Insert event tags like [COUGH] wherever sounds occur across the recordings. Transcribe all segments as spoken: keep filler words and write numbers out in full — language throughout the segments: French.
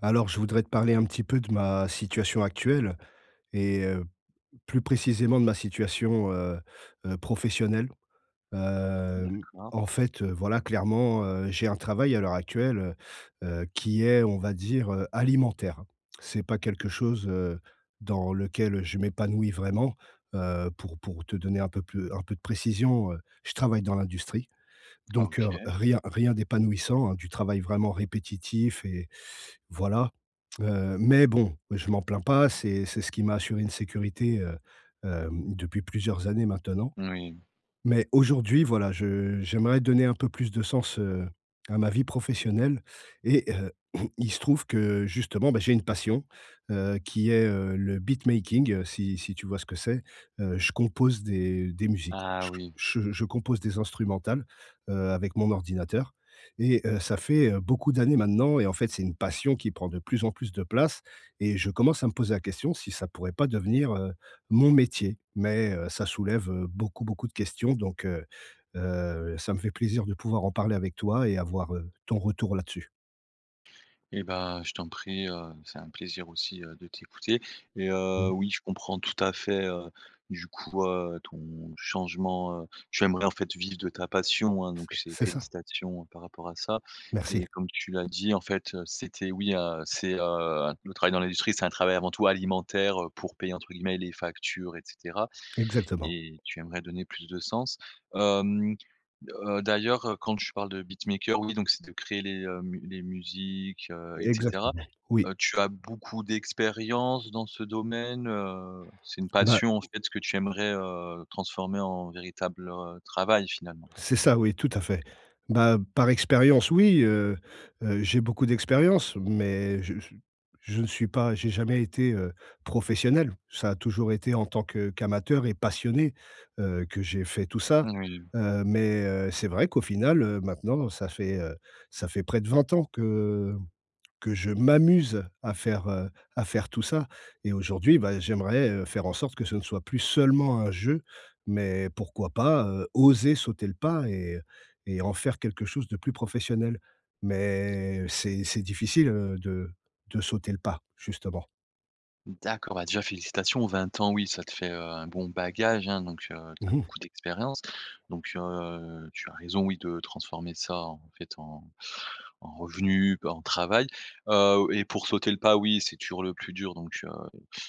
Alors je voudrais te parler un petit peu de ma situation actuelle, et heu, p plus précisément de ma situation, heu heu professionnelle. Hem D'accord. en fait, heu voilà, clairement heu, j'ai un travail à l'heure actuelle, heu heu qui est, on va dire, heu, alimentaire. C'est pas quelque chose, heu, dans lequel, heu, je m'épanouis vraiment. Heu, pour pour te donner un peu pl un peu de précision, heu, je travaille dans l'industrie. Donc, heu, r OK. rien rien d'épanouissant, hein. Du travail vraiment répétitif et voilà. Heu, mais bon, je m'en plains pas, c'est c'est ce qui m'a assuré une sécurité, heu, hem, depuis plusieurs années maintenant. Moui. Mais aujourd'hui, voilà, je j'aimerais donner un peu plus de sens, heu, à ma vie professionnelle, et heu, [CLEARS THROAT] il se trouve que justement, bah, j'ai une passion, heu, qui est, heu, le beatmaking, heu, si si tu vois ce que c'est. Heu, je compose des des musiques. Ah Je oui. je je compose des instrumentales, heu, avec mon ordinateur. Et heu, ça fait, heu, beaucoup d'années maintenant, et en fait c'est une passion qui prend de plus en plus de place et je commence à me poser la question, si ça pourrait pas devenir, heu, mon métier. Mais heu, ça soulève, heu, beaucoup, beaucoup de questions, donc heu heu, ça me fait plaisir de pouvoir en parler avec toi et avoir, heu, ton retour là-dessus. Et bah je t'en prie, heu, c'est un plaisir aussi, heu, de t'écouter et heu, Mmh. oui, je comprends tout à fait, heu, du coup, heu, ton changement, heu, tu aimerais en fait vivre de ta passion hein. C Donc c'est c'est ça. félicitations par rapport à ça Merci. et comme tu l'as dit en fait, heu, c'était oui, heu, c'est, heu, le travail dans l'industrie c'est un travail avant tout alimentaire, heu, pour payer entre guillemets «les factures» et cetera Exactement. et tu aimerais donner plus de sens. Hem, heu, d'ailleurs, heu, quand tu parles de beatmaker, oui, donc c'est de créer les, hem, les musiques, heu, et cetera, Exactement, oui. heu, tu as beaucoup d'expérience dans ce domaine, heu, c'est une Bah, passion en m fait que tu aimerais, heu, transformer en véritable, heu, travail, finalement? C'est ça, oui, tout à fait. Bah, par expérience, oui, heu heu, j'ai beaucoup d'expérience, mais je je je ne suis pas j'ai jamais été, heu, professionnel. Ça a toujours été en tant que qu'amateur et passionné, heu, que j'ai fait tout ça, Moui. heu, mais, heu, c'est vrai qu'au final, heu, maintenant, ça fait, heu, ça fait près de vingt ans que que je m'amuse à faire, heu, à faire tout ça et aujourd'hui, bah, j'aimerais, heu, faire en sorte que ce ne soit plus seulement un jeu mais pourquoi pas, heu, oser sauter le pas? Et heu et en faire quelque chose de plus professionnel. Mais c'est c'est difficile, heu, de de sauter le pas, justement. D'accord, bah, déjà félicitations, vingt ans, oui, ça te fait, heu, un bon bagage, hein, donc heu, tu Mmh as mh. beaucoup d'expérience. Donc heu, tu as raison, oui, de transformer ça, en fait, en en revenus, en travail, heu et pour sauter le pas oui, c'est toujours le plus dur, donc heu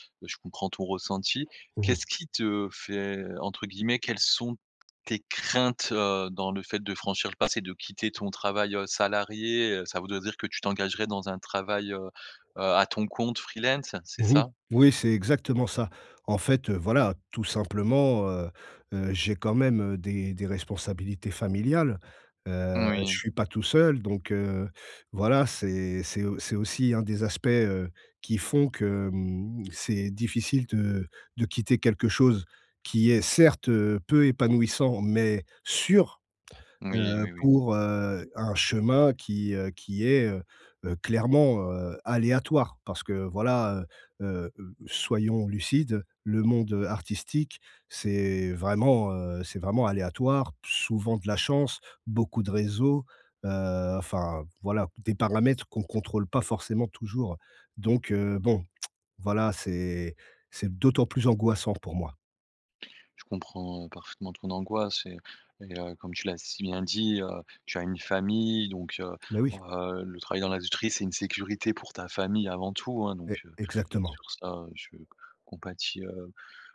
heu, je comprends ton ressenti. Mmh mh. Qu'est-ce qui te fait, entre guillemets, «quelles sont tes craintes,» heu, dans le fait de franchir le pas? C'est de quitter ton travail, heu, salarié, heu, ça voudrait dire que tu t'engagerais dans un travail, heu heu, à ton compte freelance, c'est Mmh mh. ça? Oui, c'est exactement ça. En fait, heu, voilà, tout simplement, heu heu, j'ai quand même, heu, des des responsabilités familiales, heu, je Moui. suis pas tout seul, donc heu, voilà, c'est c'est au c'est aussi un des aspects, heu, qui font que, mmh, c'est difficile de de quitter quelque chose qui est certes, heu, peu épanouissant, mais sûr, heu, Oui, oui, oui. pour, heu, un chemin qui, heu, qui est, heu heu, clairement, heu, aléatoire. Parce que, voilà, heu heu, soyons lucides, le monde, heu, artistique, c'est vraiment, heu, c'est vraiment aléatoire, souvent de la chance, beaucoup de réseaux, heu, enfin voilà, des paramètres qu'on contrôle pas forcément toujours. Donc heu, bon, [CLICKS TONGUE] voilà, c'est c'est d'autant plus angoissant pour moi. Je comprends parfaitement ton angoisse et et heu, comme tu l'as si bien dit, heu, tu as une famille donc heu, Beh, oui. heu, le travail dans l'industrie c'est une sécurité pour ta famille avant tout hein, E donc heu, exactement. sur ça, heu, je c compatis, heu,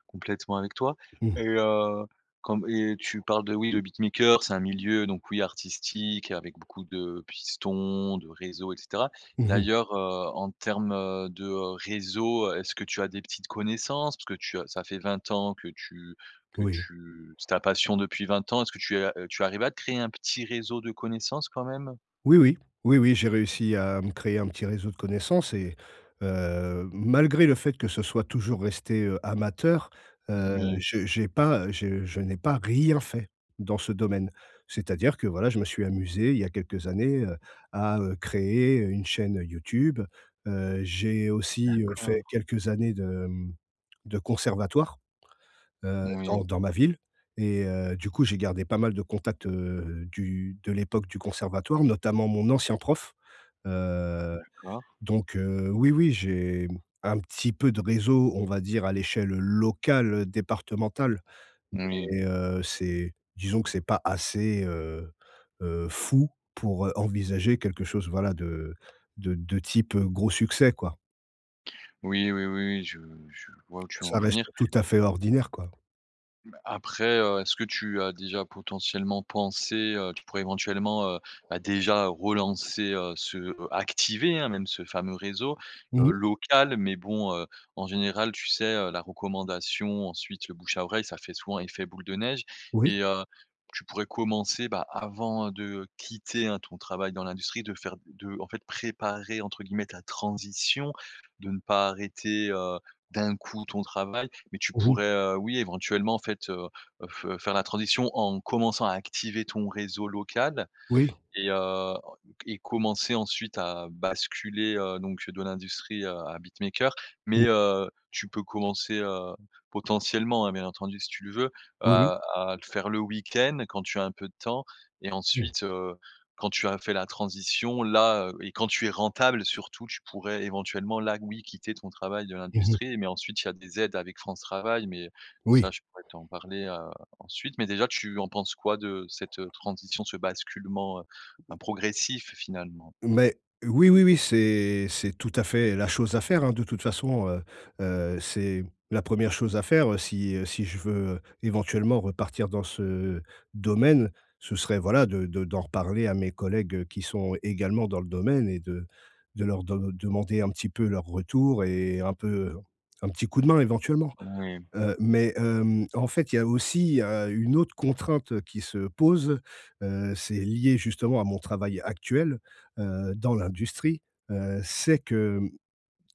complètement avec toi Mmh. et heu, comme et tu parles de oui le beatmaker c'est un milieu donc, oui, artistique avec beaucoup de pistons, de réseaux et cetera. Mmh mh. D'ailleurs, heu, en termes, heu, de, heu, réseau, heu, est-ce que tu as des petites connaissances. Parce que tu ça fait vingt ans que tu que Oui. tu c'est ta passion depuis vingt ans, est-ce que tu es tu es arrivé à te créer un petit réseau de connaissances quand même? Oui, oui. Oui, oui. J'ai réussi à me créer un petit réseau de connaissances et heu, malgré le fait que ce soit toujours resté, heu, amateur, heu, Moui. je j'ai pas, heu, je je n'ai pas rien fait dans ce domaine. C'est-à-dire que voilà, je me suis amusé, il y a quelques années, heu, à, heu, créer une chaîne, heu, YouTube, heu, j'ai aussi, heu, D'accord. fait quelques années de, mmh, de conservatoire, heu, dans Moui. dans ma ville et heu, du coup j'ai gardé pas mal de contacts, heu, du de l'époque du conservatoire. Notamment mon ancien prof, heu, D'accord. donc heu, oui, oui, j'ai, mmh, un petit peu de réseau. On va dire à l'échelle locale, départementale Moui. mais heu, c'est disons que c'est pas assez, heu, heu, fou pour, heu, envisager quelque chose, voilà, de de de type, heu, gros succès quoi. Oui, oui, oui, oui. Je je vois où tu veux Ça en reste venir. tout à fait ordinaire quoi. Ben après, heu, est-ce que tu as déjà potentiellement pensé, heu, tu pourrais éventuellement, heu, bah, déjà relancer, heu, se activer, hein, même ce fameux réseau, Mmh heu, mh. local, mais bon, heu, en général, tu sais, heu, la recommandation ensuite le bouche à oreille, ça fait souvent effet boule de neige Oui. et heu, tu pourrais commencer, bah, avant, heu, de quitter, hein, ton travail dans l'industrie. De faire de en fait «préparer» entre guillemets ta transition. De ne pas arrêter, heu, d'un coup ton travail, mais tu Mmh mh. pourrais, heu, oui, éventuellement en fait, heu, heu, fe faire la transition en commençant à activer ton réseau local Oui. et heu, enc et commencer ensuite à basculer, heu, donc de l'industrie à à beatmaker. Mais Mmh. heu, tu peux commencer, heu, potentiellement, hein, bien entendu si tu le veux, heu, Oui. à à le faire le week-end quand tu as un peu de temps et Mmh. ensuite heu, quand tu as fait la transition là, heu et quand tu es rentable surtout, tu pourrais éventuellement là oui quitter ton travail de Mmh mh. l'industrie mais ensuite il y a des aides avec France Travail mais Oui. ça je pourrais t'en parler, heu, ensuite. Mais déjà tu en penses quoi de cette, heu, transition, ce basculement, heu, ben progressif finalement? Mais oui, oui, oui. C'est c'est tout à fait la chose à faire hein, de toute façon, heu, heu, c'est la première chose à faire, heu, si si je veux éventuellement repartir dans ce domaine. Ce serait voilà de de d'en reparler à mes collègues, heu, qui sont également dans le domaine et de de leur de demander un petit peu leur retour et un peu, un petit coup de main éventuellement, Moui. heu, mais, hem, en fait, il y a aussi, heu, une autre contrainte, heu, qui se pose, heu, c'est lié justement à mon travail actuel, heu, dans l'industrie, heu, c'est que, mmh,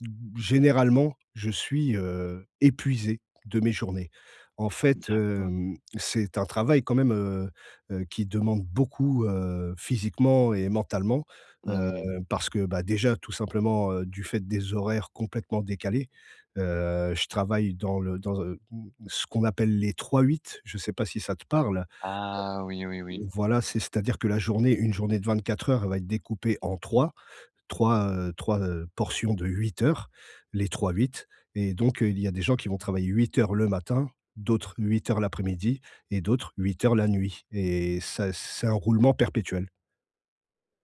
mmh, généralement, je suis, heu, épuisé de mes journées. En fait, D'accord. hem, c'est un travail quand même, heu, heu, qui demande beaucoup, heu, physiquement et mentalement, heu, Moui. parce que, bah, déjà tout simplement, heu, du fait des horaires complètement décalées, heu, je travaille dans le dans un mmh, ce qu'on appelle les trois huit, je sais pas si ça te parle? Ah, oui oui oui. Voilà, c'est c'est-à-dire que la journée une journée de vingt-quatre heures, elle va être découpée en trois-trois, heu, trois, portions de huit heures, les trois huit et donc heu, il y a des gens qui vont travailler huit heures le matin d'autres huit heures l'après-midi et d'autres huit heures la nuit et ça c'est un roulement perpétuel.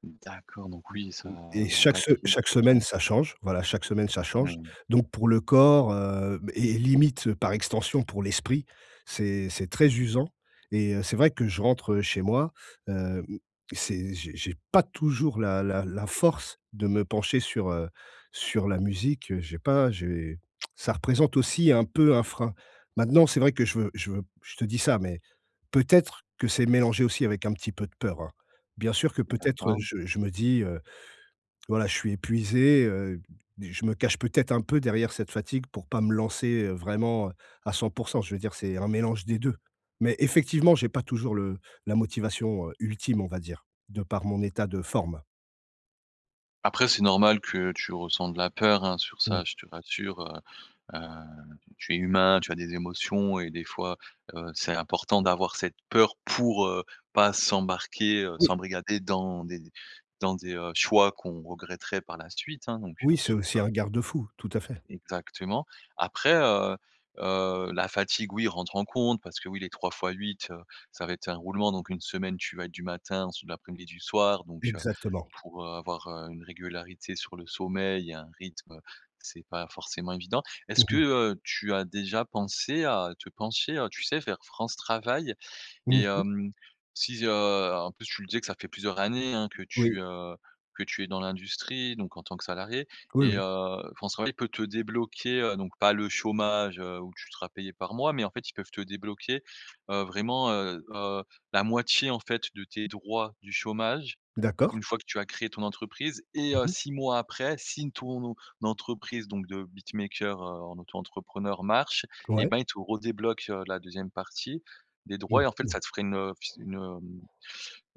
D'accord donc Mmh. oui ça Mmh et chaque se impact aussi chaque tout temps semaine, en ça temps. change, voilà chaque semaine, ça change, Oui. donc pour le corps, heu, b et et limite par extension pour l'esprit. C'est c'est très usant et heu, c'est vrai que je rentre, heu, chez moi, hem, c'est j'ai j'ai pas toujours la la la force de me pencher sur, heu, sur la musique, heu, j'ai pas j'ai [CLICKS TONGUE] ça représente aussi un peu un frein. Maintenant, c'est vrai que je veux je veux je te dis ça, mais peut-être que c'est mélangé aussi avec un petit peu de peur, hein. Bien sûr que peut-être, heu, D'accord. je je me dis heu,: «Voilà, je suis épuisé» heu, je me cache peut-être un peu derrière cette fatigue pour pas me lancer vraiment à cent pour cent. Je veux dire, c'est un mélange des deux mais effectivement, j'ai pas toujours le la motivation, heu, ultime, on va dire, de par mon état de forme. Après, c'est normal que tu ressens de la peur, hein, sur Mmh. ça, je te rassure, heu heu, tu es humain, tu as des émotions et des fois, heu, c'est important d'avoir cette peur pour, heu, pas s'embarquer, heu, Oui. s'embrigader dans des dans des, heu, choix qu'on regretterait par la suite, hein, donc heu, Oui, c'est sur aussi ça un garde-fou tout à fait. Exactement. Après, heu heu, la fatigue, oui rentre en compte, parce que oui les trois fois huit heu, ça va être un roulement donc une semaine, tu vas être du matin, ensuite de l'après-midi, du soir donc heu, Exactement. pour, heu, avoir, heu, une régularité sur le sommeil et un rythme, heu, c'est pas forcément évident. Mmh Est-ce que, mh. heu, tu as déjà pensé à te pencher, heu, tu sais, vers France Travail? Mmh Et mh. hem, si je en plus tu le disais que ça fait plusieurs années hein que tu, Oui. heu, que tu es dans l'industrie donc en tant que salarié Oui et oui. heu, France Travail peut te débloquer, heu, donc pas le chômage, heu, où tu seras payé par mois, mais en fait, ils peuvent te débloquer, heu, vraiment, heu heu, la moitié, en fait, de tes droits, du chômage. D'accord. Une fois que tu as créé ton entreprise et Mmh heu, mh. six mois après si ton entreprise donc de beatmaker, heu, en auto-entrepreneur marche et Ouais. ben ils te redébloquent, heu, la deuxième partie des Mmh droits et en fait mh. ça te ferait une, heu, f s une hem,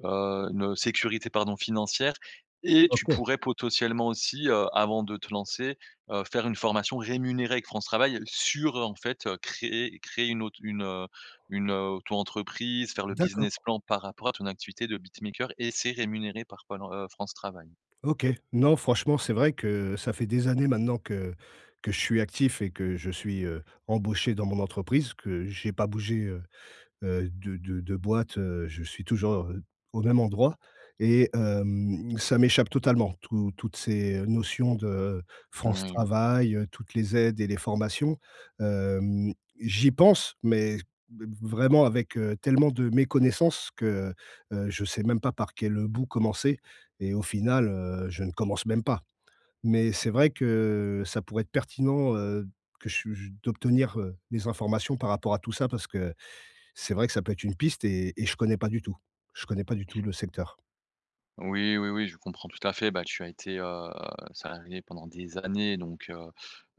heu, une sécurité pardon, financière et tu OK. pourrais pototiellement aussi, heu, avant de te lancer, heu, faire une formation rémunérée avec France Travail, sur, heu, en fait créer créer une au une, heu, une, heu, auto-entreprise, faire le D'accord. business plan par rapport à ton activité de beatmaker et c'est rémunéré par Pôle, heu, France Travail. OK, non franchement, c'est vrai que ça fait des années maintenant que que je suis actif et que je suis, heu, embauché dans mon entreprise, que j'ai pas bougé, heu heu, de de de boîte. Heu, je suis toujours, heu, au même endroit et hem, ça m'échappe totalement. Tout toutes ces notions de France Moui. Travail, heu, toutes les aides et les formations, hem, j'y pense, mais b vraiment avec, heu, tellement de méconnaissance que, heu, je sais même pas par quel, heu, bout commencer et au final, heu, je ne commence même pas. Mais c'est vrai que, ça pourrait être pertinent, heu, que ch j d'obtenir, heu, des informations par rapport à tout ça. Parce que c'est vrai que ça peut être une piste et et je connais pas du tout, je connais pas du tout le secteur. Oui oui oui, je comprends tout à fait, bah, tu as été, heu, salarié pendant des années donc heu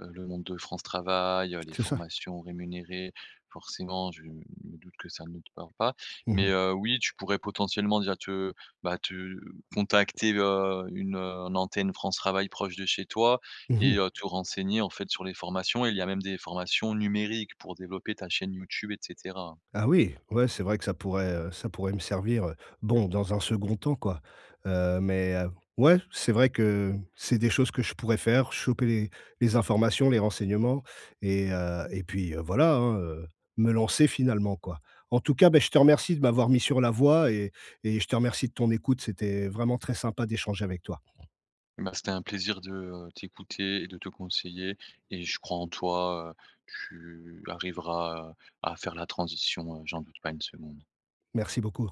heu, le monde de France Travail, heu, les C'est ça. formations rémunérées, forcément, je me doute que ça ne te parle pas. Mmh Mais, mh. heu, oui, tu pourrais potentiellement déjà te bah te contacter le une, heu, un antenne France Travail proche de chez toi Mmh et mh. heu, te renseigner en fait sur les formations. Il y a même des formations numériques pour développer ta chaîne YouTube et cetera. Ah oui, ouais, c'est vrai que ça pourrait, heu, ça pourrait me servir, heu, bon, dans un second temps, quoi. Heu, mais ouais, c'est vrai que c'est des choses que je pourrais faire, choper les les informations, les renseignements et heu, et puis, heu, voilà hein, heu, me lancer finalement, quoi. En tout cas, bah, je te remercie de m'avoir mis sur la voie et et je te remercie de ton écoute, c'était, vraiment très sympa d'échanger avec toi. Bah, c'était un plaisir de t'écouter et de te conseiller et je crois en toi, heu, tu arriveras à faire la transition, j'en doute pas une seconde. Merci beaucoup.